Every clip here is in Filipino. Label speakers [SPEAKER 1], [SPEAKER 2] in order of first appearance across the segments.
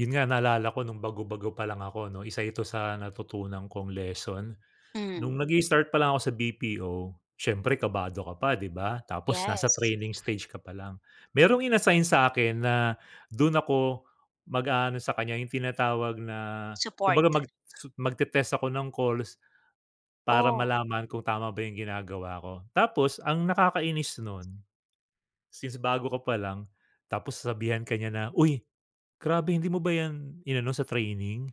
[SPEAKER 1] Yun nga, naalala ko nung bago-bago pa lang ako, 'no? 1 ito sa natutunan kong lesson.
[SPEAKER 2] Hmm.
[SPEAKER 1] Nung nag-i-start palang ako sa BPO, siyempre kabado ka pa, di ba? Tapos nasa
[SPEAKER 2] Yes.
[SPEAKER 1] training stage ka palang. Merong in-assign sa akin na dun ako mag-aano sa kanya yung tinatawag na
[SPEAKER 2] Support.
[SPEAKER 1] kumbaga mag-t magte-test ako ng calls para
[SPEAKER 2] Oh.
[SPEAKER 1] malaman kung tama ba yung ginagawa ko. Tapos ang nakakainis nun, since bago ka pa lang, tapos sasabihan ka niya na, "Uy, grabe hindi mo ba yan inano sa training?"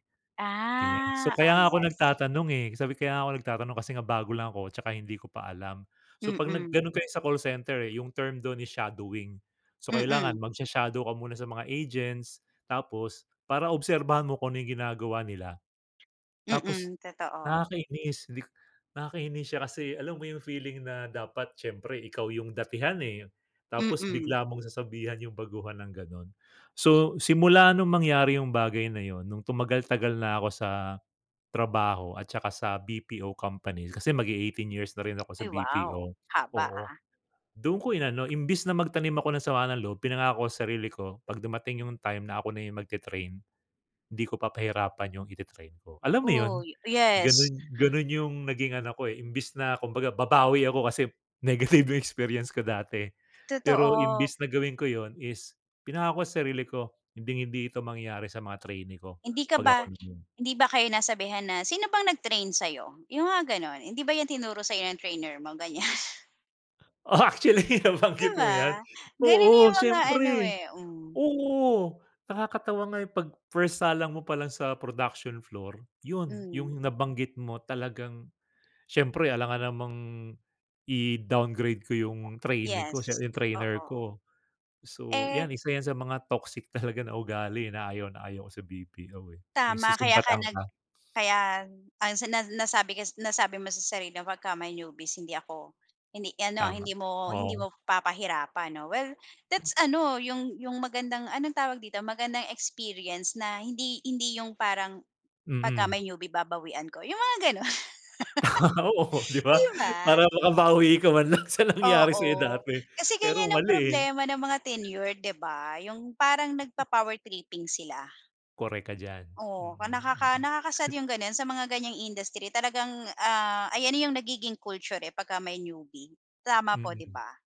[SPEAKER 1] Ganiyan. So,
[SPEAKER 2] Ah,
[SPEAKER 1] "Kaya
[SPEAKER 2] ah,
[SPEAKER 1] nga ako
[SPEAKER 2] yes.
[SPEAKER 1] nagtatanong, eh," sabi ko. "Kaya nga ako nagtatanong kasi nga bago lang ako tsaka hindi ko pa alam." So, 'pag nag
[SPEAKER 2] Mm.
[SPEAKER 1] gano'n kayo sa call center, eh, yung term do'n is shadowing. So, kailangan
[SPEAKER 2] Mm.
[SPEAKER 1] magsha-shadow ka muna sa mga agents. Tapos para obserbahan mo kung ano yung ginagawa nila. Tapos
[SPEAKER 2] Mm, totoo.
[SPEAKER 1] nakakainis, hindi k nakakainis siya, kasi alam mo yung feeling na dapat siyempre ikaw yung datihan, eh. Tapos
[SPEAKER 2] Mm.
[SPEAKER 1] bigla mong sasabihan yung baguhan ng gano'n. So, simula nung mangyari yung bagay na yun, nung tumagal-tagal na ako sa trabaho at tsaka sa BPO company. Kasi mag-e-eighteen years na rin ako sa
[SPEAKER 2] Ay, wow.
[SPEAKER 1] BPO,
[SPEAKER 2] Haba
[SPEAKER 1] oo.
[SPEAKER 2] ah.
[SPEAKER 1] Doon ko inano. Imbes na magtanim ako ng sama ng loob, pinangako sa sarili ko, 'pag dumating yung time na ako na yung magte-train, di ko papahirapan yung ite-train ko, alam
[SPEAKER 2] Uy,
[SPEAKER 1] mo yun?
[SPEAKER 2] oh yes.
[SPEAKER 1] Ganun ganun yung naging ano ko eh, imbes na kumbaga babawi ako, kasi negative yung experience ko dati. Pero
[SPEAKER 2] Totoo.
[SPEAKER 1] imbes na gawin ko yun is pinangako sa sarili ko, hinding-hindi ito mangyayari sa mga trainee ko
[SPEAKER 2] Hindi ka
[SPEAKER 1] 'pag ako
[SPEAKER 2] ba
[SPEAKER 1] naman.
[SPEAKER 2] hindi ba kayo nasabihan na, "Sino bang nag-train sa'yo?" Yung nga gano'n. "Hindi ba yan tinuro sa'yo ng trainer mo?" Ganiyan.
[SPEAKER 1] Oh, actually
[SPEAKER 2] Di
[SPEAKER 1] nabanggit mo yan.
[SPEAKER 2] ba? Ganun
[SPEAKER 1] Oo,
[SPEAKER 2] yung mga ano
[SPEAKER 1] siyempre.
[SPEAKER 2] eh, hmm.
[SPEAKER 1] Oo, nakakatawa nga yung 'pag first salang mo palang sa production floor. Yun, yung
[SPEAKER 2] Hmm.
[SPEAKER 1] nabanggit mo talagang siyempre alangan namang i-downgrade ko
[SPEAKER 2] Kita,
[SPEAKER 1] yung trainee ko
[SPEAKER 2] yes,
[SPEAKER 1] sye yung trainer
[SPEAKER 2] oo.
[SPEAKER 1] ko. So,
[SPEAKER 2] Eh
[SPEAKER 1] yan, 1 yan sa mga toxic talaga na ugali na ayaw na ayaw ko sa BPO eh, yung
[SPEAKER 2] Tama, kaya ka
[SPEAKER 1] susumbatan
[SPEAKER 2] nag
[SPEAKER 1] ka?
[SPEAKER 2] kaya ang sinad nasabi kes nasabi mo sa sarili pagka may newbies hindi ako, hindi ano ah,
[SPEAKER 1] Tama,
[SPEAKER 2] hindi mo hindi
[SPEAKER 1] oo.
[SPEAKER 2] mo papahirapan, 'no? Well that's ano, yung yung magandang, anong tawag dito, magandang experience na hindi hindi yung parang pagka
[SPEAKER 1] Mm.
[SPEAKER 2] may newie babawian ko. Yung mga gano'n.
[SPEAKER 1] Oo, di
[SPEAKER 2] Di
[SPEAKER 1] ba?
[SPEAKER 2] ba?
[SPEAKER 1] Para makabawi ka man lang sa nangyari
[SPEAKER 2] Oo,
[SPEAKER 1] sa'yo dati.
[SPEAKER 2] kasi
[SPEAKER 1] Pero
[SPEAKER 2] ganiyan ang
[SPEAKER 1] mali eh.
[SPEAKER 2] problema ng mga tenure, di ba? Yung parang
[SPEAKER 1] Mm.
[SPEAKER 2] nagpa-power tripping sila.
[SPEAKER 1] Korek ka diyan.
[SPEAKER 2] Oh,
[SPEAKER 1] Mm-mm.
[SPEAKER 2] nakaka nakaka-sad yung gano'n. Sa mga ganiyang industry talagang, ah, ayan na yung nagiging culture eh, pagka may newbie. Tama po, di
[SPEAKER 1] Mm.
[SPEAKER 2] ba?